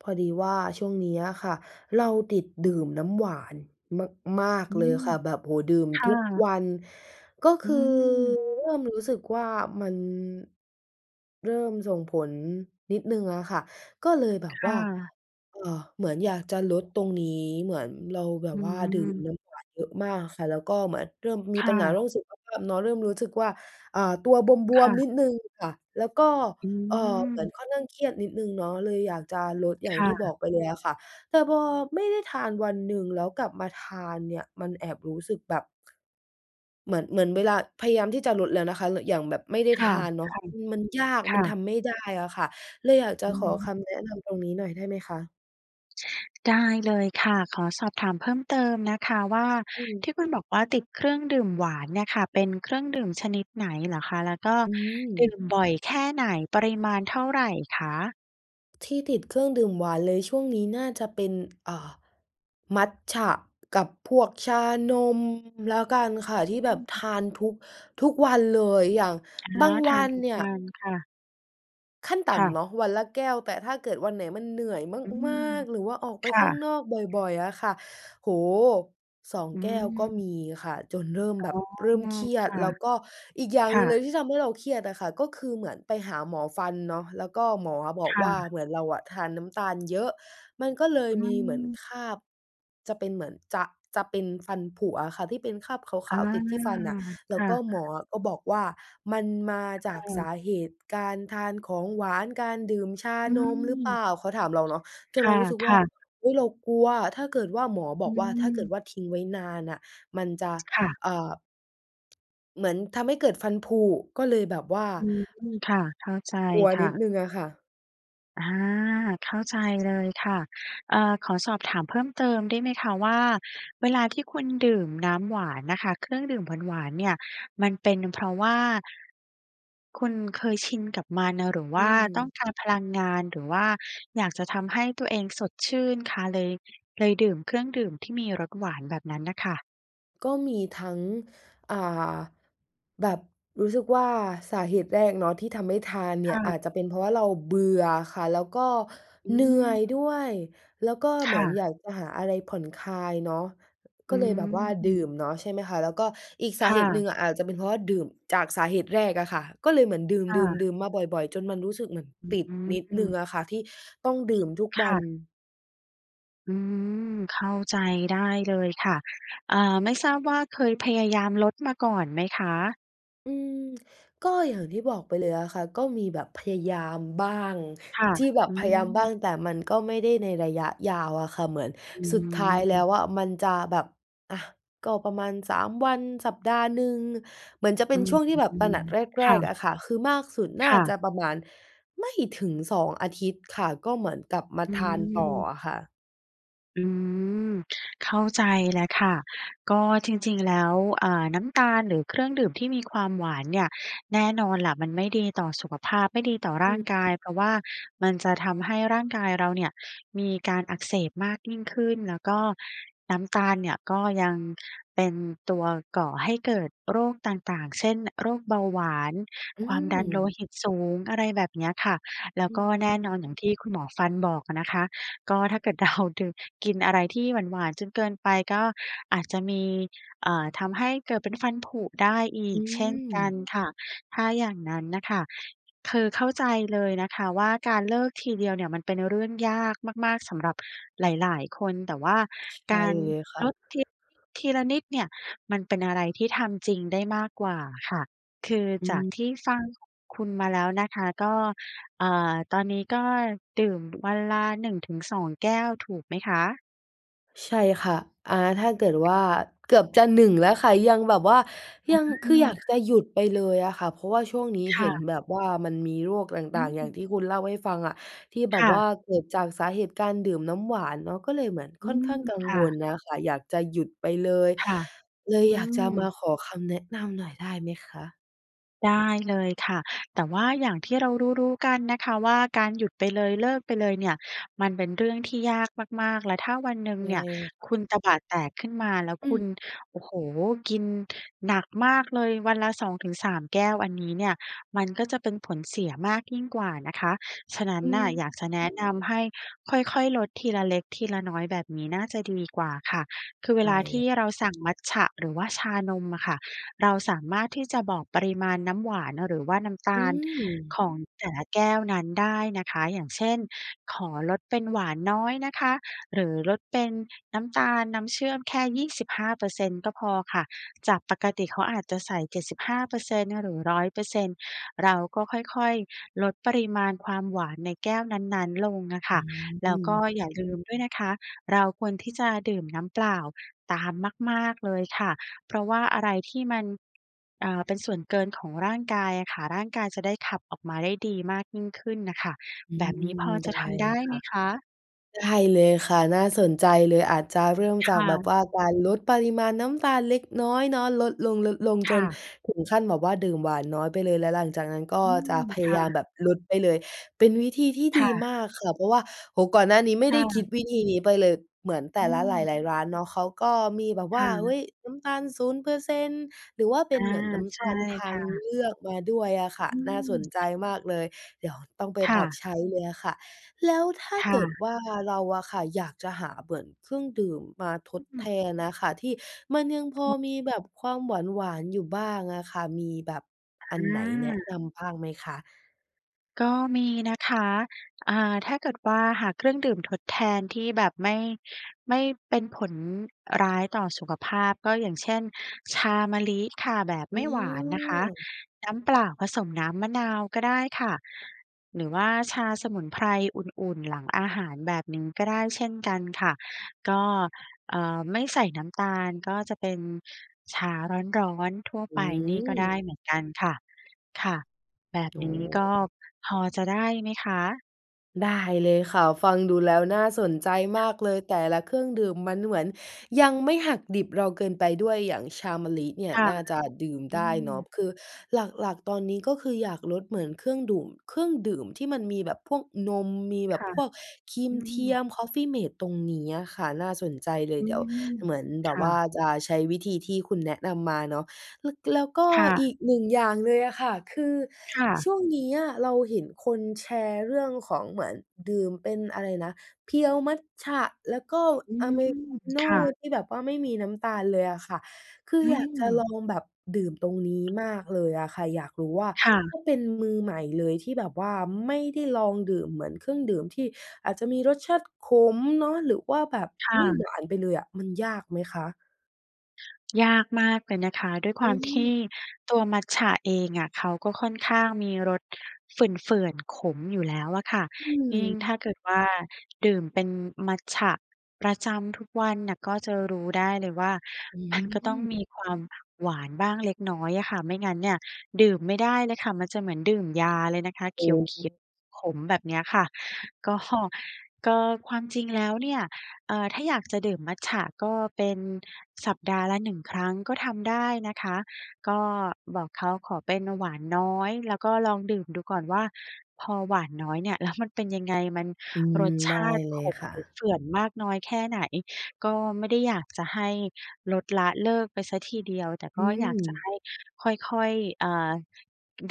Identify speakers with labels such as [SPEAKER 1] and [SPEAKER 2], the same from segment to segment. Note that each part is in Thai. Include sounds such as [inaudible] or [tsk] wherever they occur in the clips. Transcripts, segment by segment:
[SPEAKER 1] พอดีว่าช่วงนี้อะค่ะ เราติดดื่มน้ำหวานมาก
[SPEAKER 2] อื
[SPEAKER 1] ๆ เลย
[SPEAKER 2] ม
[SPEAKER 1] ค่ะ แบบ โอ้โฮ ดื่ม
[SPEAKER 2] ค่
[SPEAKER 1] ทุก
[SPEAKER 2] ะ
[SPEAKER 1] วัน ก็ค
[SPEAKER 2] อื
[SPEAKER 1] ือ
[SPEAKER 2] ม
[SPEAKER 1] เริ่มรู้สึกว่า มันเริ่มส่งผลนิดหนึ่งอะค่ะ ก็เลยแบบ
[SPEAKER 2] ค
[SPEAKER 1] ว
[SPEAKER 2] ่
[SPEAKER 1] ่า
[SPEAKER 2] ะ
[SPEAKER 1] เอ่อ เหมือนอยากจะลดตรงนี้ เหมือนเราแบบ
[SPEAKER 2] อื้
[SPEAKER 1] ว
[SPEAKER 2] อ
[SPEAKER 1] ่า
[SPEAKER 2] ฮื
[SPEAKER 1] ดื่ม
[SPEAKER 2] อ
[SPEAKER 1] น้ำหวานเยอะมากค่ะ แล้วก็เหมือนเริ่มม
[SPEAKER 2] ค
[SPEAKER 1] ีป
[SPEAKER 2] ่
[SPEAKER 1] ัญหาเรื
[SPEAKER 2] ะ
[SPEAKER 1] ่องสุขภาพเนาะ เริ่มรู้สึกว่า อา ตัวบ
[SPEAKER 2] ค
[SPEAKER 1] ว
[SPEAKER 2] ่
[SPEAKER 1] ม ๆ
[SPEAKER 2] ะ
[SPEAKER 1] นิดหนึ่งค่ะ แล้วก็
[SPEAKER 2] อ
[SPEAKER 1] เอ่อ เหมือน
[SPEAKER 2] ืม
[SPEAKER 1] ค่อนข้างเครียดนิดหนึ่งเนาะเลยอยากจะลดอย่า
[SPEAKER 2] ค
[SPEAKER 1] ง
[SPEAKER 2] ่
[SPEAKER 1] ที่บอ
[SPEAKER 2] ะ
[SPEAKER 1] กไปเลยอะค่ะ แต่พอไม่ได้ทานวันหนึ่ง แล้วกลับมาทานเนี่ย มันแอบรู้สึกแบบ เหมือน เหมือนเวลาพยายามที่จะลดแล้วนะคะ อย่างแบบไม่ได้
[SPEAKER 2] ค
[SPEAKER 1] ท
[SPEAKER 2] ่ะ
[SPEAKER 1] านเนาะ
[SPEAKER 2] ๆ
[SPEAKER 1] มันยาก
[SPEAKER 2] ค
[SPEAKER 1] มั
[SPEAKER 2] ่
[SPEAKER 1] นท
[SPEAKER 2] ะ
[SPEAKER 1] ำไม่ได้อะค่ะ เลยอยากจะ
[SPEAKER 2] อ
[SPEAKER 1] ขอค
[SPEAKER 2] ืม
[SPEAKER 1] ำแนะนำตรงนี้หน่อยได้ไหมคะ?
[SPEAKER 2] ได้เลยค่ะ ขอสอบถามเพิ่มเติมนะคะว่า
[SPEAKER 1] อืม
[SPEAKER 2] ที่คุณบอกว่าติดเครื่องดื่มหวานเนี่ยค่ะ เป็นเครื่องดื่มชนิดไหนเหรอคะ? แล้วก็
[SPEAKER 1] อื
[SPEAKER 2] ดื
[SPEAKER 1] อ
[SPEAKER 2] ่มบ่อยแค่ไหน? ปริมาณเท่าไรคะ?
[SPEAKER 1] ที่ติดเครื่องดื่มหวานเลยช่วงนี้ น่าจะเป็น อ่า มัตจะกับพวกชานมแล้วกันค่ะ ที่แบ
[SPEAKER 2] อ
[SPEAKER 1] บท
[SPEAKER 2] ืม
[SPEAKER 1] าน ทุก ทุกวันเลย อย่าง
[SPEAKER 2] อ
[SPEAKER 1] บ
[SPEAKER 2] า
[SPEAKER 1] าง
[SPEAKER 2] ท
[SPEAKER 1] ว
[SPEAKER 2] า
[SPEAKER 1] ั
[SPEAKER 2] น
[SPEAKER 1] น
[SPEAKER 2] ทุก
[SPEAKER 1] เนี่ย
[SPEAKER 2] วันค่ะ
[SPEAKER 1] ขั้นต่
[SPEAKER 2] ค่
[SPEAKER 1] ำ
[SPEAKER 2] ะ
[SPEAKER 1] เนาะ วันละแก้ว แต่ถ้าเกิดวันไหนมันเหนื่อย
[SPEAKER 2] อื
[SPEAKER 1] ม
[SPEAKER 2] ม
[SPEAKER 1] าก ๆ หรือว่าออกไ
[SPEAKER 2] ค
[SPEAKER 1] ป
[SPEAKER 2] ่
[SPEAKER 1] ข้าง
[SPEAKER 2] ะ
[SPEAKER 1] นอกบ่อย ๆ อะค่ะ โอ้โฮ 2
[SPEAKER 2] อ
[SPEAKER 1] แก้วก็
[SPEAKER 2] ืม
[SPEAKER 1] มีค่ะ จนเริ่ม
[SPEAKER 2] อ
[SPEAKER 1] แ
[SPEAKER 2] ๋อ
[SPEAKER 1] บบเริ่มเครีย
[SPEAKER 2] ค
[SPEAKER 1] ด
[SPEAKER 2] ่ะ
[SPEAKER 1] แล้วก็อีกอย่าง
[SPEAKER 2] ค
[SPEAKER 1] หน
[SPEAKER 2] ่
[SPEAKER 1] ึ่งเลย
[SPEAKER 2] ะ
[SPEAKER 1] ที่ทำให้เราเครียดอะค่ะ ก็คือเหมือนไปหาหมอฟันเนาะ แล้วก็หมอออะบอ
[SPEAKER 2] ค
[SPEAKER 1] ก
[SPEAKER 2] ่
[SPEAKER 1] ว่า
[SPEAKER 2] ะ
[SPEAKER 1] เหมือนเราทานน้ำตาลเยอะ มันก็เลย
[SPEAKER 2] อื
[SPEAKER 1] มีเหมือน
[SPEAKER 2] ม
[SPEAKER 1] คราบจะเป็นเหมือน จะ จะเป็นฟันผุอะค่ะ ที่เป็นคราบข
[SPEAKER 2] อา
[SPEAKER 1] าว ๆ ติดที่ฟันน่ะ แล
[SPEAKER 2] ค
[SPEAKER 1] ้ว
[SPEAKER 2] ่
[SPEAKER 1] ก็
[SPEAKER 2] ะ
[SPEAKER 1] หมอก็บอกว่า มันมาจ
[SPEAKER 2] ค
[SPEAKER 1] า
[SPEAKER 2] ่
[SPEAKER 1] กส
[SPEAKER 2] ะ
[SPEAKER 1] าเหตุการทานของหวาน การดื่มชา
[SPEAKER 2] อื
[SPEAKER 1] นมรึ
[SPEAKER 2] ม
[SPEAKER 1] เปล่า เขาถามเราเนาะ จ
[SPEAKER 2] ค
[SPEAKER 1] นเรารู้สึกว่า
[SPEAKER 2] ่ะ ๆ
[SPEAKER 1] อุ๊ย เรากลัว ถ้าเกิดว่าหมอบ
[SPEAKER 2] อ
[SPEAKER 1] อกว่า ถ้าเกิด
[SPEAKER 2] ืม
[SPEAKER 1] ว่าทิ้งไว้นานน่ะ มันจะ
[SPEAKER 2] ค่ะ
[SPEAKER 1] อ่า เหมือนทำให้เกิดฟันผุ ก็เลยแบบว่า
[SPEAKER 2] อืม ค่ะ เข้าใจ
[SPEAKER 1] กลัว
[SPEAKER 2] ค่
[SPEAKER 1] นิด
[SPEAKER 2] ะ
[SPEAKER 1] หนึ่งอะค่ะ
[SPEAKER 2] อา เข้าใจเลยค่ะ เอ่อ ขอสอบถามเพิ่มเติมได้ไหมคะว่า เวลาที่คุณดื่มน้ำหวานน่ะค่ะ เครื่องดื่มหวาน ๆ เนี่ย มันเป็นเพราะว่า คุณเคยชินกับมันอะ หรือว
[SPEAKER 1] อื
[SPEAKER 2] ่า
[SPEAKER 1] อฮ
[SPEAKER 2] ต้อ
[SPEAKER 1] ึ
[SPEAKER 2] งการพลังงาน หรือว่าอยากจะทำให้ตัวเองสดชื่นคะ เลย เลยดื่มเครื่องดื่มที่มีรสหวานแบบนั้นน่ะค่ะ?
[SPEAKER 1] ก็มีทั้ง อ่า แบบรู้สึกว่าสาเหตุแรกเนาะที่ทำให้ทานเน
[SPEAKER 2] ค
[SPEAKER 1] ี่
[SPEAKER 2] ่
[SPEAKER 1] ย อา
[SPEAKER 2] ะ
[SPEAKER 1] จจะเป็นเพราะว่าเราเบื่อค่ะ แล้วก็
[SPEAKER 2] อื
[SPEAKER 1] เหนื่อย
[SPEAKER 2] ม
[SPEAKER 1] ด้วย แล้วก็
[SPEAKER 2] ค
[SPEAKER 1] เหมื
[SPEAKER 2] ่
[SPEAKER 1] อน
[SPEAKER 2] ะ
[SPEAKER 1] อยากจะหาอะไรผ่อนคลายเนาะ
[SPEAKER 2] อ
[SPEAKER 1] ก็
[SPEAKER 2] ื
[SPEAKER 1] เลยแบบว่าดื่
[SPEAKER 2] ม
[SPEAKER 1] มเนาะใช่ไหมคะ แล้วก็อีกส
[SPEAKER 2] ค
[SPEAKER 1] า
[SPEAKER 2] ่
[SPEAKER 1] เหตุหน
[SPEAKER 2] ะ
[SPEAKER 1] ึ่งอาจจะเป็นเพราะว่าดื่มจากสาเหตุแรกอะค่ะ ก็เลยเหมือนดื
[SPEAKER 2] ค่
[SPEAKER 1] ่
[SPEAKER 2] ะ
[SPEAKER 1] ม ๆ ๆ มาบ่อย ๆ จนมันรู้สึกเหมือน
[SPEAKER 2] อ
[SPEAKER 1] ต
[SPEAKER 2] ื
[SPEAKER 1] ิดนิดหนึ่ง
[SPEAKER 2] ม
[SPEAKER 1] อะค่ะ ที่ต้องดื่มทุก
[SPEAKER 2] ค
[SPEAKER 1] วั
[SPEAKER 2] ่
[SPEAKER 1] น
[SPEAKER 2] ะ อืม เข้าใจได้เลยค่ะ อา ไม่ทราบว่าเคยพยายามลดมาก่อนไหมคะ?
[SPEAKER 1] อือ ก็อย่างที่บอกไปเลยอะค่ะ ก็มีแบบพยายามบ้าง
[SPEAKER 2] ค่ะ
[SPEAKER 1] ที่แบบ
[SPEAKER 2] อื
[SPEAKER 1] พยายามบ้า
[SPEAKER 2] ม
[SPEAKER 1] งแต่มันก็ไม่ได้ในระยะยาวอะค่ะ เหมือน
[SPEAKER 2] อื
[SPEAKER 1] สุดท้ายแล
[SPEAKER 2] อ
[SPEAKER 1] ้วอะ มันจะแบบ อะ ก็ประมาณ 3 วัน สัปดาห์หนึ่ง เหมือนจะเป
[SPEAKER 2] อ
[SPEAKER 1] ็
[SPEAKER 2] ื
[SPEAKER 1] นช่วงที่แบบ ตระห
[SPEAKER 2] อ
[SPEAKER 1] นักแ
[SPEAKER 2] ๆ
[SPEAKER 1] ร
[SPEAKER 2] ค่
[SPEAKER 1] ก ๆ
[SPEAKER 2] ะ
[SPEAKER 1] อะค่ะ คือมากสุดน่
[SPEAKER 2] ค
[SPEAKER 1] า
[SPEAKER 2] ่ะ
[SPEAKER 1] จะประมาณไม่ถึง 2 อาทิตย์ค่ะ ก็เหมือนกับมา
[SPEAKER 2] อื
[SPEAKER 1] ทานต่อ
[SPEAKER 2] ม
[SPEAKER 1] อะค่ะ
[SPEAKER 2] อืม เข้าใจแล้วค่ะ ก็จริง ๆ แล้ว อา น้ำตาลหรือเครื่องดื่มที่มีความหวานเนี่ย แน่นอนแหละ มันไม่ดีต่อสุขภาพ ไม่ดีต่อร
[SPEAKER 1] อ
[SPEAKER 2] ่า
[SPEAKER 1] ือ
[SPEAKER 2] งกาย เพราะว่ามันจะทำให้ร่างกายเราเนี่ย มีการอักเสบมากยิ่งขึ้น แล้วก็น้ำตาลเนี่ยก็ยังเป็นตัวก่อให้เกิดโรคต่าง ๆ เช่น โรคเบาหวาน
[SPEAKER 1] อื
[SPEAKER 2] ความดันโล
[SPEAKER 1] ม
[SPEAKER 2] หิตสูง อะไรแบบเนี้ยค่ะ แล้
[SPEAKER 1] อ
[SPEAKER 2] ว
[SPEAKER 1] ื
[SPEAKER 2] ก็แน่นอนอย่
[SPEAKER 1] ม
[SPEAKER 2] างที่คุณหมอฟันบอกอะนะคะ ก็ถ้าเกิดเราดื่ม กินอะไรที่หวาน ๆ จนเกินไปก็อาจจะมี เอ่อ ทำให้เกิดเป็นฟันผุได้อี
[SPEAKER 1] อื
[SPEAKER 2] กเช่นกัน
[SPEAKER 1] ม
[SPEAKER 2] ค่ะ ถ้าอย่างนั้นน่ะค่ะ คือเข้าใจเลยนะคะว่า การเลิกทีเดียวเนี่ย มันเป็นเรื่องยากมาก ๆ สำหรับหลาย ๆ คน แต่ว่า
[SPEAKER 1] ใช
[SPEAKER 2] ก
[SPEAKER 1] ่
[SPEAKER 2] าร
[SPEAKER 1] เลยค่
[SPEAKER 2] ล
[SPEAKER 1] ะ
[SPEAKER 2] ดที ทีละนิดเนี่ย มันเป็นอะไรที่ทำจริงได้มากกว่าค่ะ คือ
[SPEAKER 1] อื
[SPEAKER 2] จาก
[SPEAKER 1] อ
[SPEAKER 2] ที่ฟังคุ คุณมาแล้วนะคะ ก็ อา ตอนนี้ก็ดื่มวันละ 1 ถึง 2 แก้ว ถูกไหมคะ?
[SPEAKER 1] ใช่ค่ะ อา ถ้าเกิดว่า
[SPEAKER 2] ค่ะ
[SPEAKER 1] เกือบจะ 1 แล้วค่ะ ยังแบบว่า
[SPEAKER 2] อ
[SPEAKER 1] ยัง คืออยากจ
[SPEAKER 2] า
[SPEAKER 1] ะหยุดไปเลยอะค่ะ เพราะว่าช่วงนี้
[SPEAKER 2] ค
[SPEAKER 1] เห
[SPEAKER 2] ่
[SPEAKER 1] ็น
[SPEAKER 2] ะ
[SPEAKER 1] แบบว่า มันมีโรคอะไร
[SPEAKER 2] อ
[SPEAKER 1] ต่าง ๆ อย่า
[SPEAKER 2] ืม
[SPEAKER 1] งที่คุณเล่าให้ฟังอะ ที่แบ
[SPEAKER 2] ค
[SPEAKER 1] บ
[SPEAKER 2] ่
[SPEAKER 1] ว
[SPEAKER 2] ะ
[SPEAKER 1] ่าเกิดจากสาเหตุการดื่มน้ำหวานเนาะ ก็เลยเหมือน
[SPEAKER 2] อื
[SPEAKER 1] ค่อน
[SPEAKER 2] ม
[SPEAKER 1] ข้างกัง
[SPEAKER 2] ค่
[SPEAKER 1] วล
[SPEAKER 2] ะ
[SPEAKER 1] นะคะ อยากจะหยุดไปเลย
[SPEAKER 2] ค่ะ
[SPEAKER 1] เลย
[SPEAKER 2] อื
[SPEAKER 1] อยากจะ
[SPEAKER 2] ม
[SPEAKER 1] มาขอคำแนะนำหน่อยได้ไหมคะ?
[SPEAKER 2] ได้เลยค่ะ แต่ว่าอย่างที่เรารู้ ๆ กันนะคะว่าการหยุดไปเลยเลิกไปเลยเนี่ย มันเป็นเรื่องที่ยากมาก ๆ และถ้าวันหนึ่
[SPEAKER 1] ใ
[SPEAKER 2] ง
[SPEAKER 1] ช่
[SPEAKER 2] เนี่ย
[SPEAKER 1] ค่ะ
[SPEAKER 2] คุณตบะแตกขึ้นมาแล้ว
[SPEAKER 1] อื
[SPEAKER 2] คุ
[SPEAKER 1] ม
[SPEAKER 2] ณ โอ้โฮ กินหนักมากเลย วันละ 2 ถึง 3 แก้วอันนี้เนี่ย มันก็จะเป็นผลเสียมากยิ่งกว่านะคะ ฉะนั้
[SPEAKER 1] อ
[SPEAKER 2] นน่ะ
[SPEAKER 1] ืม
[SPEAKER 2] อยากจะแนะนำ ให้ค่อย ๆ ลดทีละเล็กทีละน้อย แบบนี้น่าจะดีกว่าค่ะ คือเว
[SPEAKER 1] ได
[SPEAKER 2] ล
[SPEAKER 1] ้
[SPEAKER 2] าท
[SPEAKER 1] เล
[SPEAKER 2] ี
[SPEAKER 1] ย
[SPEAKER 2] ่
[SPEAKER 1] ค่
[SPEAKER 2] เ
[SPEAKER 1] ะ
[SPEAKER 2] ราสั่งมัจฉะ หรือว่าชานมอะค่ะ เราสามารถที่จะบอกปริมาณน้ำหวาน หรือว่าน้ำต
[SPEAKER 1] อื
[SPEAKER 2] าล
[SPEAKER 1] ม
[SPEAKER 2] ของแต่ละแก้วนั้นได้นะคะ อย่างเช่น ขอลดเป็นหวานน้อยนะคะ หรือลดเป็นน้ำตาล น้ำเชื่อมแค่ 25% ก็พอค่ะ จากปกติเขาอาจจะใส่ 75% หรือ 100% เราก็ค่อย ๆ ลดปริมาณความหวานในแก้วนั้น ๆ ลงอะค
[SPEAKER 1] อื
[SPEAKER 2] ่ะ แล้วก็
[SPEAKER 1] ม
[SPEAKER 2] อย่าลืมด้วยนะคะ เราควรที่จะดื่มน้ำเปล่าตามมาก ๆ เลยค่ะ เพราะว่าอะไรที่มัน อา เป็นส่วนเกินของร่างกายอะค่ะ ร่างกายจะได้ขับออกมาได้ดีมากยิ่งขึ้นน่ะค่ะ แบบนี้พ
[SPEAKER 1] อืม ได้เลยค่ะ
[SPEAKER 2] อจะทำได้ไหมคะ?
[SPEAKER 1] ได้เลยค่ะ น่าสนใจเลย อาจจะเริ่ม
[SPEAKER 2] ค
[SPEAKER 1] จาก
[SPEAKER 2] ่
[SPEAKER 1] แบบ
[SPEAKER 2] ะ
[SPEAKER 1] ว่า การลดปริมาณน้ำตาลเล็กน้อยเนาะ ลดลง
[SPEAKER 2] ค
[SPEAKER 1] ๆ จ
[SPEAKER 2] ่
[SPEAKER 1] น
[SPEAKER 2] ะ
[SPEAKER 1] ถึงขั้นแบบว่า ดื่มหวานน้อยไปเลยแล้วหลังจากนั้นก็
[SPEAKER 2] อื
[SPEAKER 1] จะ
[SPEAKER 2] ม
[SPEAKER 1] พ
[SPEAKER 2] ค
[SPEAKER 1] ยา
[SPEAKER 2] ่
[SPEAKER 1] ยามแ
[SPEAKER 2] ะ
[SPEAKER 1] บบลดไปเลย เป็นวิธีที่
[SPEAKER 2] ค
[SPEAKER 1] ด
[SPEAKER 2] ่
[SPEAKER 1] ีม
[SPEAKER 2] ะ
[SPEAKER 1] ากค่ะ เพราะว่า โอ้โฮ ก่อนหน้านี้ไม่
[SPEAKER 2] ค
[SPEAKER 1] ได
[SPEAKER 2] ่
[SPEAKER 1] ้คิด
[SPEAKER 2] ะ
[SPEAKER 1] วิธีนี้ไปเลย เหมือนแต
[SPEAKER 2] อ
[SPEAKER 1] ่
[SPEAKER 2] ื
[SPEAKER 1] ละหล
[SPEAKER 2] ม
[SPEAKER 1] าย ๆ ร้านเนาะ เขาก็มีแบบ
[SPEAKER 2] ค
[SPEAKER 1] ว่
[SPEAKER 2] ่
[SPEAKER 1] า เฮ
[SPEAKER 2] ะ
[SPEAKER 1] ้ย น้ำตาล 0% หรือว่าเป
[SPEAKER 2] อ
[SPEAKER 1] ็
[SPEAKER 2] า
[SPEAKER 1] นเหมือนน้
[SPEAKER 2] ใ
[SPEAKER 1] ำ
[SPEAKER 2] ช
[SPEAKER 1] ตา
[SPEAKER 2] ่
[SPEAKER 1] ลท
[SPEAKER 2] ค
[SPEAKER 1] า
[SPEAKER 2] ่
[SPEAKER 1] ง
[SPEAKER 2] ะ
[SPEAKER 1] เลือกมาด้วยอะค่ะ
[SPEAKER 2] อื
[SPEAKER 1] น่าส
[SPEAKER 2] ม
[SPEAKER 1] นใจมากเลย เดี๋ยวต้องไป
[SPEAKER 2] ค่
[SPEAKER 1] ปรับ
[SPEAKER 2] ะ
[SPEAKER 1] ใช้เลยอะค่ะ แล้วถ้า
[SPEAKER 2] ค่
[SPEAKER 1] เกิด
[SPEAKER 2] ะ
[SPEAKER 1] ว่าเราอะค่ะ อยากจะหาเหมือนเครื่องดื่มมาทด
[SPEAKER 2] อื
[SPEAKER 1] แท
[SPEAKER 2] อ
[SPEAKER 1] นอะค่ะ ที่มันยังพอ
[SPEAKER 2] อ้อ
[SPEAKER 1] มีแบบความหวาน ๆ อยู่บ้างอะค่ะ มีแบบ
[SPEAKER 2] อ
[SPEAKER 1] อันไหนแนะน
[SPEAKER 2] า
[SPEAKER 1] ำบ้างไหมคะ?
[SPEAKER 2] ก็มีนะคะ อ่า ถ้าเกิดว่า หาเครื่องดื่มทดแทนที่แบบไม่ ไม่เป็นผลร้ายต่อสุขภาพ ก็อย่างเช่น ชามะลิค่ะ แบบ
[SPEAKER 1] อ
[SPEAKER 2] ไ
[SPEAKER 1] ื
[SPEAKER 2] ม่หวานนะคะ
[SPEAKER 1] ม
[SPEAKER 2] น้ำเปล่าผสมน้ำมะนาวก็ได้ค่ะ หรือว่าชาสมุนไพรอุ่น ๆ หลังอาหาร แบบนี้ก็ได้เช่นกันค่ะ ก็ เอ่อ ไม่ใส่น้ำตาล ก็จะเป็นชาร้อน ๆ ทั่ว
[SPEAKER 1] อ
[SPEAKER 2] ไปนี่ก็ได้
[SPEAKER 1] ืม
[SPEAKER 2] เหมือนกันค่ะ ค่ะแบบ
[SPEAKER 1] โอ้
[SPEAKER 2] นี้
[SPEAKER 1] โ
[SPEAKER 2] ก็
[SPEAKER 1] ฮ
[SPEAKER 2] พอจะได้ไหมคะ?
[SPEAKER 1] ได้เลยค่ะ ฟังดูแล้วน่าสนใจมากเลย แต่ละเครื่องดื่มมันเหมือนยังไม่หักดิบเราเกินไปด้วย อย่างชามะลิเนี่ย
[SPEAKER 2] ค่ะ
[SPEAKER 1] น่าจะดื่ม
[SPEAKER 2] อ
[SPEAKER 1] ไ
[SPEAKER 2] ื
[SPEAKER 1] ด้เนาะ
[SPEAKER 2] ม
[SPEAKER 1] คือหลัก ๆ ตอนนี้ ก็คืออยากลดเหมือนเครื่องดู่ม เครื่องดื่มที่มันมีแบบพวกนม มีแบ
[SPEAKER 2] ค
[SPEAKER 1] บ
[SPEAKER 2] ่ะ
[SPEAKER 1] พวกครี
[SPEAKER 2] อ
[SPEAKER 1] ม
[SPEAKER 2] ื
[SPEAKER 1] เทีย
[SPEAKER 2] ม
[SPEAKER 1] มคอฟฟีเมตตรงนี้อะค่ะ น่าสนใจเลย
[SPEAKER 2] อื
[SPEAKER 1] เดี๋ยว
[SPEAKER 2] ม
[SPEAKER 1] เหมือนแบ
[SPEAKER 2] ค
[SPEAKER 1] บ
[SPEAKER 2] ่
[SPEAKER 1] ว่า
[SPEAKER 2] ะ
[SPEAKER 1] จะใช้วิธีที่คุณแนะนำมาเนาะ แล้ว แล้วก็
[SPEAKER 2] ค่
[SPEAKER 1] อี
[SPEAKER 2] ะ
[SPEAKER 1] ก 1 อย่างเลยอะค่ะ คือ
[SPEAKER 2] ค่
[SPEAKER 1] ช
[SPEAKER 2] ะ
[SPEAKER 1] ่วงนี้อะ เราเห็นคนแชร์เรื่องของเหมือนดื่มเป็น อะไรนะ เพียวมัจฉะ แล้วก็
[SPEAKER 2] อื
[SPEAKER 1] อเ
[SPEAKER 2] ม
[SPEAKER 1] มริกาโน
[SPEAKER 2] ค
[SPEAKER 1] ่
[SPEAKER 2] ่ะ
[SPEAKER 1] ที่แบบว่าไม่มีน้ำตาลเลยอะค่ะ คือ
[SPEAKER 2] อื
[SPEAKER 1] อยากจะล
[SPEAKER 2] ม
[SPEAKER 1] องแบบดื่มตรงนี้มากเลยอะค่ะ อยากรู้ว่า
[SPEAKER 2] ค่ะ
[SPEAKER 1] ถ้าเป็นมือใหม่เลยที่แบบว่าไม่ได้ลองดื่ม เหมือนเครื่องดื่มที่อาจจะมีรสชาติขมเนาะ หรือว่าแบบ
[SPEAKER 2] ค่
[SPEAKER 1] ไม่หว
[SPEAKER 2] ะ
[SPEAKER 1] านไปเลยอะ มันยากไหมคะ?
[SPEAKER 2] ยากมากเลยนะคะ ด้วยค
[SPEAKER 1] อ
[SPEAKER 2] วามที
[SPEAKER 1] ืม
[SPEAKER 2] ่ตัวมัตจะเองอะ เขาก็ค่อนข้างมีรสเฝื่อน ๆ ขมอยู่แล้วอะค่ะ
[SPEAKER 1] อื
[SPEAKER 2] ยิ
[SPEAKER 1] ม
[SPEAKER 2] ่งถ้าเกิดว่าดื่มเป็นมัตจะประจำทุกวันน่ะ ก็จะรู้ได้เลยว่า
[SPEAKER 1] อื
[SPEAKER 2] มันก็ต้อง
[SPEAKER 1] ม
[SPEAKER 2] มีความหวานบ้างเล็กน้อยอะค่ะ ไม่งั้นเนี่ย ดื่มไม่ได้เลยค่ะ มันจะเหมือนดื่มยาเลยนะคะ
[SPEAKER 1] โอ
[SPEAKER 2] เข
[SPEAKER 1] ้
[SPEAKER 2] ียว ๆ ขมแบบเนี้ยค่ะ ก็ ก็ ความจริงแล้วเนี่ย เอ่อ ถ้าอยากจะดื่มมัตจะ ก็เป็นสัปดาห์ละ 1 ครั้งก็ทำได้นะคะ ก็บอกเขาขอเป็นหวานน้อย แล้วก็ลองดื่มดูก่อนว่า พอหวานน้อยเนี่ย แล้วมันเป็นยังไง มัน
[SPEAKER 1] อืม
[SPEAKER 2] รส
[SPEAKER 1] ไ
[SPEAKER 2] ช
[SPEAKER 1] ด้
[SPEAKER 2] าติ
[SPEAKER 1] เล
[SPEAKER 2] ข
[SPEAKER 1] ย
[SPEAKER 2] ม
[SPEAKER 1] ค่
[SPEAKER 2] หรือ
[SPEAKER 1] ะ
[SPEAKER 2] เฝื่อนมากน้อยแค่ไหน ก็ไม่ได้อยากจะให้ลดละเลิกไปเสียทีเดียว แต่
[SPEAKER 1] อื
[SPEAKER 2] ก็อยากจะ
[SPEAKER 1] ม
[SPEAKER 2] ให้ค่อย ๆ เอ่อ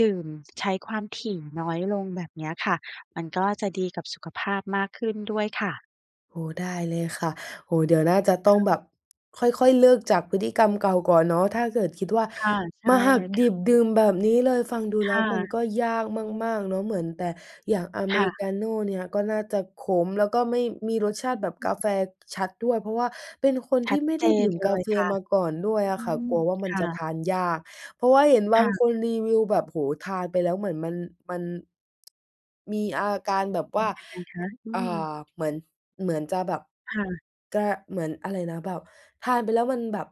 [SPEAKER 2] ดื่มใช้ความถี่น้อยลงแบบเนี้ยค่ะ มันก็จะดีกับสุขภาพมากขึ้นด้วยค่ะ
[SPEAKER 1] โอ้ ได้เลยค่ะ โอ้โฮ เดี๋ยวน่าจะ ต้อง
[SPEAKER 2] [unintelligible]
[SPEAKER 1] แบบค่อย ๆ เลิกจากพฤติกรรมเก่าก่อนเนาะ ถ้าเกิดคิดว่า
[SPEAKER 2] ค่ะ ใช
[SPEAKER 1] ม
[SPEAKER 2] ่
[SPEAKER 1] าหั
[SPEAKER 2] เล
[SPEAKER 1] ก
[SPEAKER 2] ยค
[SPEAKER 1] ด
[SPEAKER 2] ่
[SPEAKER 1] ิ
[SPEAKER 2] ะ
[SPEAKER 1] บดื่มแบบนี้เลย ฟังดู
[SPEAKER 2] ค
[SPEAKER 1] แล้
[SPEAKER 2] ่
[SPEAKER 1] วมัน
[SPEAKER 2] ะ
[SPEAKER 1] ก็ ยากมาก ๆ เนาะ เหมือนแต่ อย่างอเม
[SPEAKER 2] ค่
[SPEAKER 1] ริ
[SPEAKER 2] ะ
[SPEAKER 1] กาโน่เนี่ยก็น่าจะขม แล้วก็ไม่ มีรสชาต
[SPEAKER 2] อ
[SPEAKER 1] ิแบบกา
[SPEAKER 2] ือ
[SPEAKER 1] แฟชัดด้วย เพราะว่าเป็นคน
[SPEAKER 2] ช
[SPEAKER 1] ท
[SPEAKER 2] ั
[SPEAKER 1] ี่
[SPEAKER 2] ด
[SPEAKER 1] ไม่
[SPEAKER 2] เ
[SPEAKER 1] ไ
[SPEAKER 2] จ
[SPEAKER 1] ด้ดื
[SPEAKER 2] น
[SPEAKER 1] ่ม
[SPEAKER 2] เล
[SPEAKER 1] กา
[SPEAKER 2] ย
[SPEAKER 1] แฟ
[SPEAKER 2] ค่ะ
[SPEAKER 1] มาก่อนด้ว
[SPEAKER 2] อ
[SPEAKER 1] ย
[SPEAKER 2] ื
[SPEAKER 1] อะค่ะ
[SPEAKER 2] อ
[SPEAKER 1] กลัวว่ามัน
[SPEAKER 2] ค่
[SPEAKER 1] จะ
[SPEAKER 2] ะ
[SPEAKER 1] ทานยาก เพราะว่าเห็นบ
[SPEAKER 2] ค
[SPEAKER 1] า
[SPEAKER 2] ่
[SPEAKER 1] ง
[SPEAKER 2] ะ
[SPEAKER 1] คนรีวิวแบบ โอ้โฮ ทานไปแล้วเหมือนมัน มัน [tsk] มีอาการแบบ
[SPEAKER 2] เป็
[SPEAKER 1] ว
[SPEAKER 2] น
[SPEAKER 1] ่า
[SPEAKER 2] ยังไงค
[SPEAKER 1] ก
[SPEAKER 2] ะ? อื
[SPEAKER 1] อ่
[SPEAKER 2] อ
[SPEAKER 1] า เหมือน เหมือนจะแบบ
[SPEAKER 2] ค่ะ
[SPEAKER 1] ก เหมือนอะไรนะ แบบทานไปแล้วมันแบบ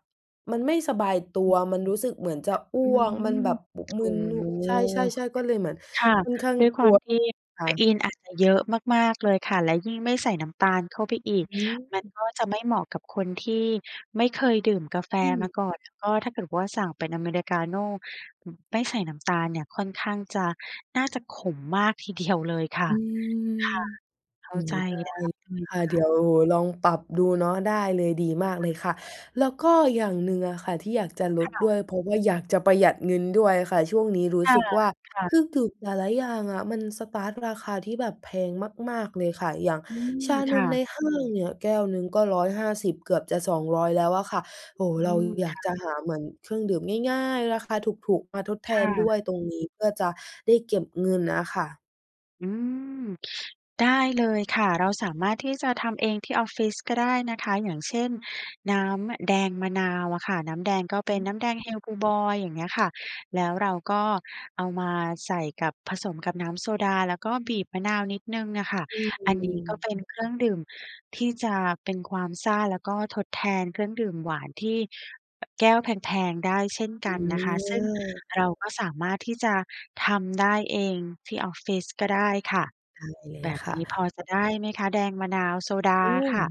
[SPEAKER 1] มันไม่สบายตั
[SPEAKER 2] อื
[SPEAKER 1] ว
[SPEAKER 2] ม
[SPEAKER 1] มันรู้สึกเหมือนจะอ้
[SPEAKER 2] อื
[SPEAKER 1] วกมัน
[SPEAKER 2] ม
[SPEAKER 1] แบบม
[SPEAKER 2] โ
[SPEAKER 1] ึนนุ
[SPEAKER 2] อ้
[SPEAKER 1] ใช่ ๆ ๆ ก็เลยเหมือน
[SPEAKER 2] ค่ะ
[SPEAKER 1] ค่อนข้าง
[SPEAKER 2] ด้วย
[SPEAKER 1] ก
[SPEAKER 2] คว
[SPEAKER 1] ลั
[SPEAKER 2] าม
[SPEAKER 1] ว
[SPEAKER 2] ที่
[SPEAKER 1] ค
[SPEAKER 2] เฟ
[SPEAKER 1] ่ะ
[SPEAKER 2] อีนอาจจะเยอะมาก ๆ เลยค่ะ และยิ่งไม่ใส่น้ำตาลเข้าไปอีก
[SPEAKER 1] อื
[SPEAKER 2] มัน
[SPEAKER 1] ม
[SPEAKER 2] ก็จะไม่เหมาะกับคนที่ไม่เคยดื่มกาแฟ
[SPEAKER 1] อื
[SPEAKER 2] มา
[SPEAKER 1] อ
[SPEAKER 2] ก่อน ก็ถ้าเกิดว่าสั่งเป็นอเมริกาโน่ไม่ใส่น้ำ ตาลเนี่ยค่อนข้างจะ น่าจะขมมากที เดียว เลยค่
[SPEAKER 1] อ
[SPEAKER 2] ะ
[SPEAKER 1] ือ
[SPEAKER 2] ค่ะ เข
[SPEAKER 1] โ
[SPEAKER 2] ้
[SPEAKER 1] อ
[SPEAKER 2] า
[SPEAKER 1] ้โ
[SPEAKER 2] ใ
[SPEAKER 1] ฮ
[SPEAKER 2] จ
[SPEAKER 1] ได้
[SPEAKER 2] ได้เลย
[SPEAKER 1] ค่
[SPEAKER 2] ค
[SPEAKER 1] ะ
[SPEAKER 2] ่
[SPEAKER 1] เดี
[SPEAKER 2] ะ
[SPEAKER 1] ๋ยวโหลองปรับดูเนาะ ได้เลย ดีมา
[SPEAKER 2] ค
[SPEAKER 1] ก
[SPEAKER 2] ่
[SPEAKER 1] เลย
[SPEAKER 2] ะ
[SPEAKER 1] ค่ะ แล้วก็อย่างหนึ่งอะค่ะ ที่อยากจะล
[SPEAKER 2] ค
[SPEAKER 1] ด
[SPEAKER 2] ่
[SPEAKER 1] ด้ว
[SPEAKER 2] ะ
[SPEAKER 1] ย เพราะว่าอยากจะประหยัดเงินด้วยค่ะ ช่วงนี้รู
[SPEAKER 2] ค
[SPEAKER 1] ้สึกว่า
[SPEAKER 2] ่ะ
[SPEAKER 1] ซึ
[SPEAKER 2] ๆ
[SPEAKER 1] ่งถูก แต่ละอย่างอะมันสตาร์ตราคาที่แบบแพงมาก ๆ เลยค่ะ อย่าง
[SPEAKER 2] อืม
[SPEAKER 1] ชา
[SPEAKER 2] ค
[SPEAKER 1] น
[SPEAKER 2] ่
[SPEAKER 1] มใ
[SPEAKER 2] ะ
[SPEAKER 1] นห้างเนี่ยแก้วหนึ่งก็ 150 เกือบจะ 200 แล้วอะค่ะ โอ้โฮ
[SPEAKER 2] อื
[SPEAKER 1] เรา
[SPEAKER 2] ม
[SPEAKER 1] อย
[SPEAKER 2] ค
[SPEAKER 1] าก
[SPEAKER 2] ่
[SPEAKER 1] จะ
[SPEAKER 2] ะ
[SPEAKER 1] หาเหมือนเครื่องดื่มง่าย ๆ ราคาถูก ๆ มาทดแท
[SPEAKER 2] ค่
[SPEAKER 1] นด
[SPEAKER 2] ะ
[SPEAKER 1] ้วยตรงนี้เพื่อจะได้เก็บเงินน่ะค่ะ
[SPEAKER 2] อืม ได้เลยค่ะ เราสามารถที่จะทำเองที่ออฟฟิศ ก็ได้นะคะ อย่างเช่น น้ำแดงมะนาวอะค่ะ น้ำแดงก็
[SPEAKER 1] อ
[SPEAKER 2] เป
[SPEAKER 1] ื
[SPEAKER 2] ็น
[SPEAKER 1] ม
[SPEAKER 2] น้ำแดงเฮลบลูบอย อย่างเงี้ยค่ะ แล้วเราก็เอามาใส่กับ ผสมกับน้ำโซดา แล้วก็บีบมะนาวนิดหนึ่งอะค่ะ
[SPEAKER 1] อื
[SPEAKER 2] อันนี้ก็
[SPEAKER 1] อ
[SPEAKER 2] เป็นเครื่องดื่มที่จะเป็นความซ่า แล้วก็ทดแทนเครื่องดื่มหวานที่ อ แก้วแพง ๆ ได้เช่นกันนะคะซึ่ง
[SPEAKER 1] เออ
[SPEAKER 2] เรา ก็สามารถที่จะทำได้เองที่ออฟฟิศ ก็ได้ค่ะ
[SPEAKER 1] ได้เล
[SPEAKER 2] แ
[SPEAKER 1] ย
[SPEAKER 2] บบ
[SPEAKER 1] ค่
[SPEAKER 2] นี้พ
[SPEAKER 1] ะ
[SPEAKER 2] อจะได้ไหมคะแดงมะนาวโซดา
[SPEAKER 1] อืม
[SPEAKER 2] ค่ะ?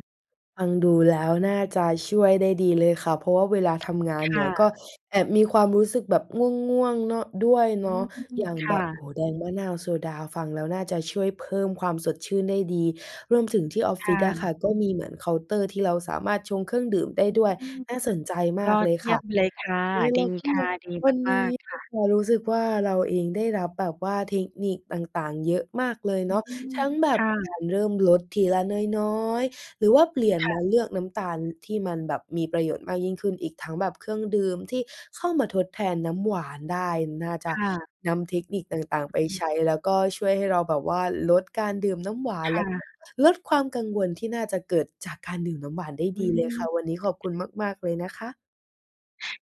[SPEAKER 1] ฟังดูแล้วน่าจะช่วยได้ดีเลยค่ะ เพราะว่าเวลาทำงาน
[SPEAKER 2] ค
[SPEAKER 1] เนี
[SPEAKER 2] ่
[SPEAKER 1] ่ย ก
[SPEAKER 2] ะ
[SPEAKER 1] ็แอบมีความรู้สึกแบบง่วง ๆ เนาะ ด้วย
[SPEAKER 2] อ
[SPEAKER 1] เ
[SPEAKER 2] ื
[SPEAKER 1] นา
[SPEAKER 2] ม
[SPEAKER 1] ะ อย่าง
[SPEAKER 2] ค
[SPEAKER 1] แบ
[SPEAKER 2] ่
[SPEAKER 1] บ
[SPEAKER 2] ะ
[SPEAKER 1] โอ้โฮ แดงมะนาวโซดาฟังแล้วน่าจะช่วยเพิ่มความสดชื่นได้ดี รวมถึงที่ออฟ
[SPEAKER 2] ค
[SPEAKER 1] ฟิ
[SPEAKER 2] ่
[SPEAKER 1] ศอะค
[SPEAKER 2] ะ
[SPEAKER 1] ่ะ ก็มีเหมือนเคาน์เตอร์ที่เราสามารถชงเครื่องดื่มได้
[SPEAKER 2] อ
[SPEAKER 1] ด้วย
[SPEAKER 2] ืม
[SPEAKER 1] น่าสนใจม
[SPEAKER 2] ย
[SPEAKER 1] าก
[SPEAKER 2] อ
[SPEAKER 1] เล
[SPEAKER 2] ด
[SPEAKER 1] ย
[SPEAKER 2] เย
[SPEAKER 1] ค
[SPEAKER 2] ี่
[SPEAKER 1] ่
[SPEAKER 2] ย
[SPEAKER 1] ะ
[SPEAKER 2] มเลยค่ะ
[SPEAKER 1] เอ๊ย แ
[SPEAKER 2] ด
[SPEAKER 1] ล
[SPEAKER 2] ี
[SPEAKER 1] ้วก็
[SPEAKER 2] ค่ะ ดี
[SPEAKER 1] วัน
[SPEAKER 2] ม
[SPEAKER 1] น
[SPEAKER 2] า
[SPEAKER 1] ี้
[SPEAKER 2] ก ๆ ค่ะ
[SPEAKER 1] พอรู้สึกว่า เราเองได้รับแบบว่าเทคนิคต่าง ๆ เยอะมากเลย
[SPEAKER 2] อ
[SPEAKER 1] เ
[SPEAKER 2] ื
[SPEAKER 1] นาะ
[SPEAKER 2] ม
[SPEAKER 1] ทั้งแบ
[SPEAKER 2] ค
[SPEAKER 1] บ
[SPEAKER 2] ่
[SPEAKER 1] ก
[SPEAKER 2] ะ
[SPEAKER 1] ารเริ่มลดทีละน้อย ๆ หรือว่า เปลี่ยน
[SPEAKER 2] ค่
[SPEAKER 1] ม
[SPEAKER 2] ะ
[SPEAKER 1] าเลือกน้ำตาลที่มันแบบมีประโยชน์มากยิ่งขึ้นอีกทั้งแบบเครื่องดื่มที่เข้ามาทดแทนน้ำหวานได้ น่าจ
[SPEAKER 2] ค
[SPEAKER 1] ะ
[SPEAKER 2] ่ะ
[SPEAKER 1] นำเทคนิคต่าง ๆ ไปใช้ แล้วก็ช่วยให้เราแบบว่า ลดการดื่มน้ำหวาน
[SPEAKER 2] ค
[SPEAKER 1] แล
[SPEAKER 2] ่
[SPEAKER 1] ะ
[SPEAKER 2] ะ
[SPEAKER 1] ลดความกังวลที่น่าจะเกิดจากการดื่มน้ำหวานได้
[SPEAKER 2] อ
[SPEAKER 1] ด
[SPEAKER 2] ื
[SPEAKER 1] ีเลย
[SPEAKER 2] ม
[SPEAKER 1] ค่ะ วันนี้ขอบคุณมาก ๆ เลยนะคะ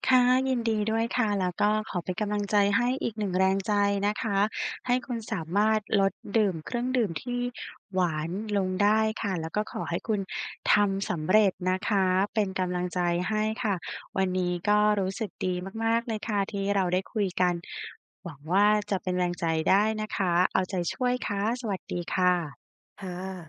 [SPEAKER 2] ค่ะ ยินดีด้วยค่ะ แล้วก็ขอเป็นกำลังใจให้อีก 1 แรงใจนะคะ ให้คุณสามารถลดดื่มเครื่องดื่มที่หวานลงได้ค่ะ แล้วก็ขอให้คุณทำสำเร็จนะคะ เป็นกำลังใจให้ค่ะ วันนี้ก็รู้สึกดีมาก ๆ เลยค่ะที่เราได้คุยกันหวังว่า จะเป็นแรงใจได้นะคะ เอาใจช่วยค่ะ สวัสดีค่ะ
[SPEAKER 1] ค่ะ